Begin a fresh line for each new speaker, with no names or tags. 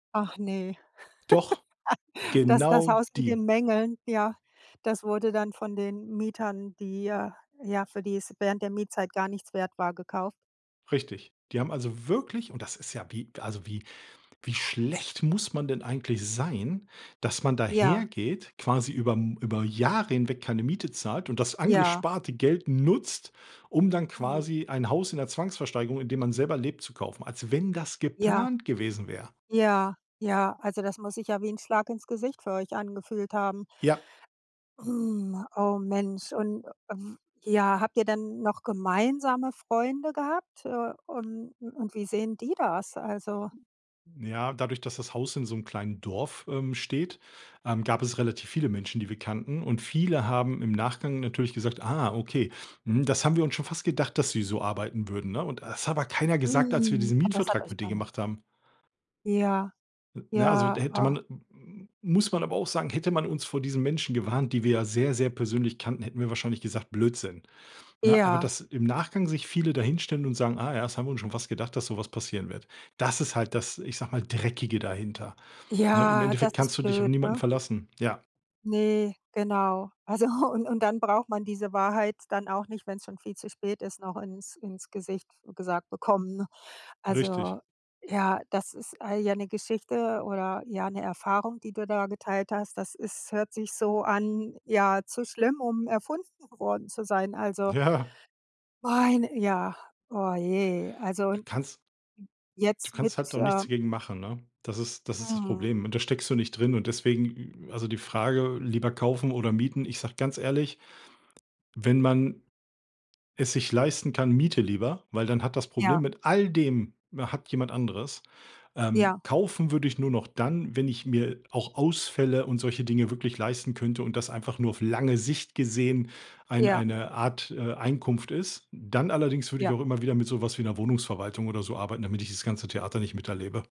Ach ne.
Doch,
Das das
genau
Haus mit
die.
den Mängeln, ja, das wurde dann von den Mietern, die, äh, ja für die es während der Mietzeit gar nichts wert war, gekauf
Richtig. Die haben also wirklich und das ist ja wie also, wie wie schlecht muss man denn eigentlich sein, dass man
Ja.
dahergeht, quasi über M über Jahre hinweg keine Miete zahlt und das
Ja.
angesparte Geld nutzt, um dann
Mhm.
quasi ein Haus in der Zwangsversteigerung, in dem man selber lebt, zu kaufen, als wenn das
Ja.
geplant gewesen wär.
Ja. Ja, also das muss sich ja wie 'n Schlag ins Gesicht für euch angefühlt haben.
Ja.
Oh Mensch. Und w ja, habt ihr denn noch gemeinsame Freunde gehabt? Äh, und und wie sehen die das? Also
Ja, dadurch, dass das Haus in so 'nem kleinen Dorf, ähm, steht, ähm, gab es relativ viele Menschen, die wir kannten und viele haben im Nachgang natürlich gesagt: „Ah okay, mhm, das haben wir uns schon fast gedacht, dass die so arbeiten würden,“ ne? Und das hat aber keiner gesagt, als wir
Hm.
diesen
Und das hat
Mietvertrag
euch
mit denen
[unintelligible]
gemacht haben.
Ja,
N na, also,
ja,
da hätte
oh.
man m muss man aber auch sagen, hätte man uns vor diesen Menschen gewarnt, die wir ja sehr, sehr persönlich kannten, hätten wir wahrscheinlich gesagt: „Blödsinn.“ Ne, aber
Ja.
dass im Nachgang sich viele da hinstellen und sagen: „Ah ja, das haben wir uns schon fast gedacht, dass so was passieren wird.“ Das ist halt das, ich sag mal, Dreckige dahinter. Ne, im
Ja, das
Endeffekt kannst
ist
du dich auf
blöd,
niemanden
ne?
verlassen. Ja.
Ne, genau. Also und und dann braucht man diese Wahrheit dann auch nicht, wenn's schon viel zu spät ist, noch ins ins Gesicht f gesagt bekommen, ne?
Richtig.
Also, ja, das ist all ja, 'ne Geschichte oder, ja, 'ne Erfahrung, die du da geteilt hast. Das ist hört sich so an ja, zu schlimm, um erfunden worden zu sein. Also
Ja.
meine ja, oh je. Also
Du kannst Du
jetzt mit
kannst halt auch nichts
ähm
gegen machen, ne? Das ist das ist das
Mhm.
Problem und da steckst du nicht drin und deswegen also die Frage, lieber kaufen oder mieten ich sag ganz ehrlich, wenn man es sich leisten kann, miete lieber, weil dann hat das Problem
Ja.
mit all dem hat jemand anderes. Ähm,
Ja.
kaufen würde ich nur noch dann, wenn ich mir auch Ausfälle und solche Dinge wirklich leisten könnte und das einfach nur auf lange Sicht gesehen ein
Ja.
eine Art, äh, Einkunft ist. Dann allerdings würde ich
Ja.
auch immer wieder mit so was wie 'ner Wohnungsverwaltung oder so arbeiten, damit ich das ganze Theater nicht miterlebe.